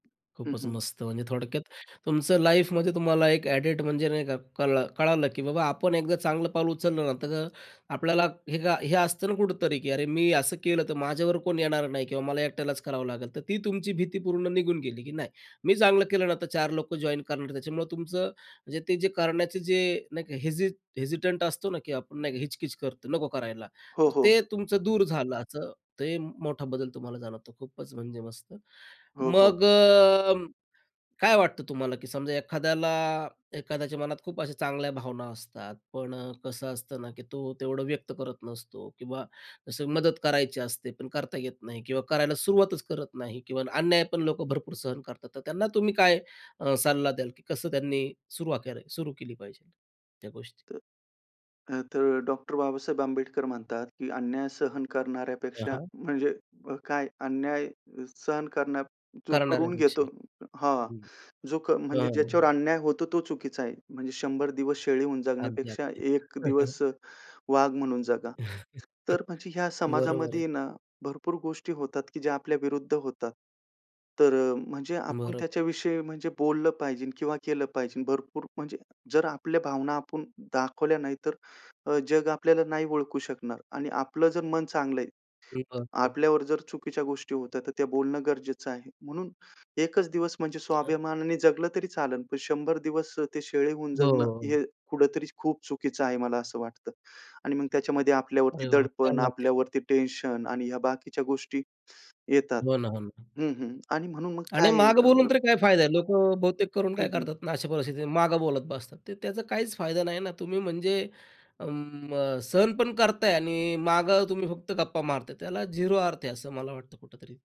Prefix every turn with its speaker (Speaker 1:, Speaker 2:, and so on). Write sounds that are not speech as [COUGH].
Speaker 1: हं,
Speaker 2: खूपच
Speaker 1: हं.
Speaker 2: मस्त. म्हणजे थोडक्यात तुमचं लाईफमध्ये तुम्हाला एक अ‍ॅडिट म्हणजे नाही का कळ कळालं, की बाबा आपण एकदा चांगलं पाऊल उचललं ना, तर आपल्याला हे काय हे असतं ना कुठेतरी, की अरे, मी असं केलं तर माझ्यावर कोण येणार नाही किंवा मला एकट्यालाच करावं लागेल. तर ती तुमची भीती पूर्ण निघून गेली की नाही, मी चांगलं केलं ना, तर चार लोकं जॉइन करणार. त्याच्यामुळे तुमचं म्हणजे ते जे करण्याचे जे नाही का हेजी हेजिटंट असतो ना, की आपण नाही हिच-किच करतो, नको करायला,
Speaker 1: हो,
Speaker 2: तर
Speaker 1: हो.
Speaker 2: ते तुमचं दूर झालं, असं ते मोठा बदल तुम्हाला जाणवतो. खूपच म्हणजे मस्त
Speaker 1: हो, हो.
Speaker 2: मग अ, काय वाटतं तुम्हाला, की समजा एखाद्याला एखाद्याच्या मनात खूप अशा चांगल्या भावना असतात, पण अ, कसं असतं ना, की तो तेवढं व्यक्त करत नसतो किंवा असं मदत करायची असते, पण करता येत नाही किंवा करायला सुरुवातच करत नाही किंवा अन्याय पण लोकं भरपूर सहन करतात. तर त्यांना तुम्ही काय अ, सल्ला अ, द्याल, की कसं त्यांनी सुरुवात करावी सुरू केली पाहिजे त्या गोष्टी?
Speaker 1: तर, अ, तर डॉक्टर बाबासाहेब आंबेडकर म्हणतात, की अन्याय सहन
Speaker 2: हां,
Speaker 1: करणाऱ्यापेक्षा,
Speaker 2: हां.
Speaker 1: म्हणजे अ, काय, अन्याय सहन करण्या जो करून घेतो
Speaker 2: करणाऱ्यापेक्षा
Speaker 1: हां,
Speaker 2: हं,
Speaker 1: जो क म्हणजे ज्याच्यावर
Speaker 2: हां.
Speaker 1: अन्याय होतो तो चुकीचा आहे. म्हणजे 100 दिवस शेळी होऊन
Speaker 2: अगदी,
Speaker 1: जगण्यापेक्षा
Speaker 2: अगदी.
Speaker 1: 1 दिवस
Speaker 2: [CHUCKLES]
Speaker 1: वाघ म्हणून जगा.
Speaker 2: [CHUCKLES]
Speaker 1: तर म्हणजे ह्या
Speaker 2: बरोबर आहे.
Speaker 1: समाजामध्ये ना भरपूर गोष्टी होतात, की ज्या आपल्या विरुद्ध होतात. तर अ, म्हणजे आपण
Speaker 2: बरोबर आहे.
Speaker 1: त्याच्याविषयी म्हणजे बोललं पाहिजे किंवा केलं पाहिजे. भरपूर म्हणजे जर आपल्या भावना आपण दाखवल्या नाही, तर अ, जग आपल्याला नाही ओळखू शकणार आणि आपलं जर मन चांगलं आहे,
Speaker 2: मी [UNINTELLIGIBLE]
Speaker 1: आपल्यावर जर चुकीच्या गोष्टी होत्या, तर त्या बोलणं गरजेचं आहे. म्हणून 1चं दिवस म्हणजे
Speaker 2: अ
Speaker 1: स्वाभिमानाने जगलं तरी चालेल, पण 100 दिवस अ, ते शेळी होऊन जगणं
Speaker 2: हो.
Speaker 1: हे कुठेतरी खूप चुकीचं आहे, मला असं वाटतं आणि मग त्याच्यामध्ये आपल्यावरती
Speaker 2: अरे बाबा, क्या
Speaker 1: दडपण,
Speaker 2: बात है.
Speaker 1: आपल्यावरती टेन्शन आणि ह्या बाकीच्या गोष्टी येतात
Speaker 2: हो ना, हो ना.
Speaker 1: हं, हं, आणि म्हणून मग
Speaker 2: आणि
Speaker 1: काय
Speaker 2: मागं
Speaker 1: अ
Speaker 2: बोलून तरी काय फायदा आहे. लोकं बहुतेक करून काय
Speaker 1: हं, हं.
Speaker 2: करतात ना अशा परिस्थितीत, मागं बोलत बसतात ते. त्याचा काहीच फायदा नाही ना, तुम्ही म्हणजे अं, सहन पण करताय आणि मागं तुम्ही फक्त गप्पा मारताय, त्याला झिरो अर्थ आहे असं मला वाटतं कुठेतरी.